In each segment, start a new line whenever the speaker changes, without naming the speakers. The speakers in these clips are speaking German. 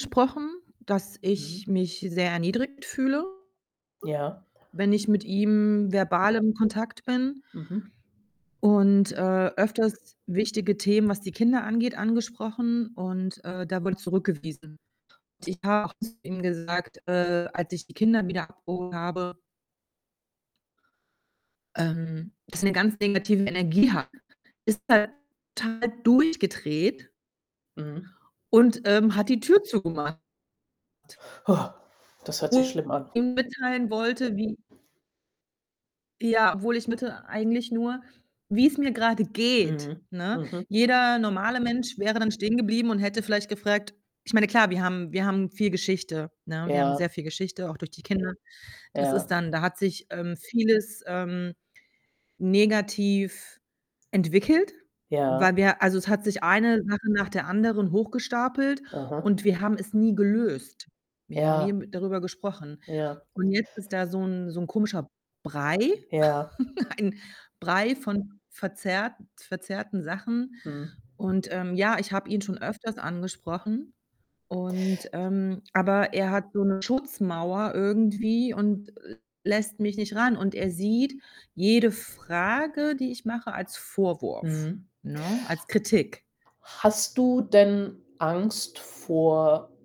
sprochen, dass ich
Mhm.
mich sehr erniedrigt fühle,
Ja.
wenn ich mit ihm verbal im Kontakt bin
Mhm.
und, äh, öfters wichtige Themen, was die Kinder angeht, angesprochen und, äh, da wurde zurückgewiesen. Ich habe auch zu ihm gesagt, äh, als ich die Kinder wieder abgeholt habe ähm, dass er 'ne ganz negative Energie hat. Ist er total durchgedreht
Mhm.
und, ähm, hat die Tür zugemacht.
Das hört sich
[unintelligible]
schlimm an.
ihm mitteilen wollte, wie ja, obwohl ich [unintelligible] eigentlich nur, wie‘s mir grade geht,
Mhm,
ne?
mhm.
Jeder normale Mensch wäre dann stehengeblieben und hätte vielleicht gefragt ich meine, klar, wir haben wir haben viel Geschichte, ne? Wir haben
Ja.
sehr viel Geschichte, auch durch die Kinder. Das ist
Ja.
dann da hat sich, ähm, vieles, ähm, negativ entwickelt, weil
Ja.
wir also es hat sich eine Sache nach der anderen hochgestapelt
Aha.
und wir haben es nie gelöst. Wir haben nie,
Ja.
hm, darüber gesprochen
Ja.
und jetzt ist da so ‘n so ‘n komischer Brei,
Ja.
ein Brei von verzerrt verzerrten Sachen
Mhm.
und, ähm, ja, ich habe ihn schon öfters angesprochen und, ähm aber er hat so 'ne Schutzmauer irgendwie und l lässt mich nicht ran und er sieht jede Frage, die ich mache, als Vorwurf,
Mhm.
ne, als Kritik.
Hast du denn Angst vor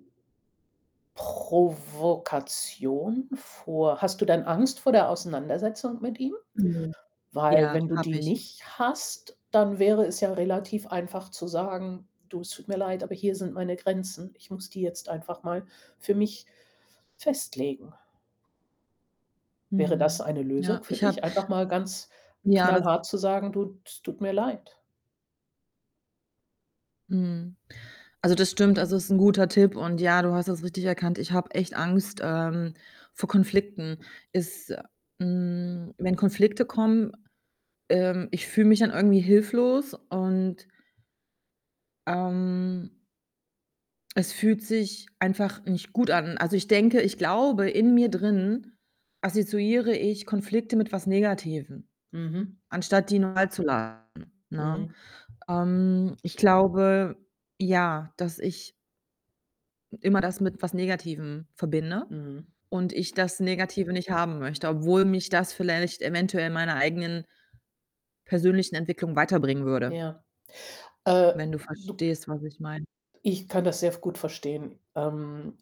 Provokation? Vor hast du denn Angst vor der Auseinandersetzung mit ihm?
Mhm.
Weil
Ja,
wenn du die
habe ich.
nicht hast, dann wäre es ja relativ einfach zu sagen: „Du, es tut mir leid, aber hier sind meine Grenzen. Ich muss die jetzt einfach mal für mich festlegen.“ Wäre das
Mhm.
eine Lösung
Ja,
für
ich habe
dich, einfach mal ganz
ja, das
knallhart zu sagen: „Du, es tut mir leid“?
Mhm. Also das stimmt. Also ist 'n guter Tipp und ja, du hast das richtig erkannt, ich habe echt Angst, ähm, vor Konflikten. Ist, hm wenn Konflikte kommen, ähm ich fühle mich dann irgendwie hilflos und ähm es fühlt sich einfach nicht gut an. Also ich denke ich glaube, in mir drin assoziiere ich Konflikte mit was Negativem,
Mhm.
anstatt die normal zu, [unintelligible] ne?
Mhm.
Ähm, ich glaube, ja, dass ich hm, immer das mit was Negativem verbinde
Mhm.
und ich das Negative nicht haben möchte, obwohl mich das vielleicht eventuell meiner eigenen persönlichen Entwicklung weiterbringen würde.
Ja, äh,
Wenn du
du
verstehst, was ich meine?
ich kann das sehr f gut verstehen, ähm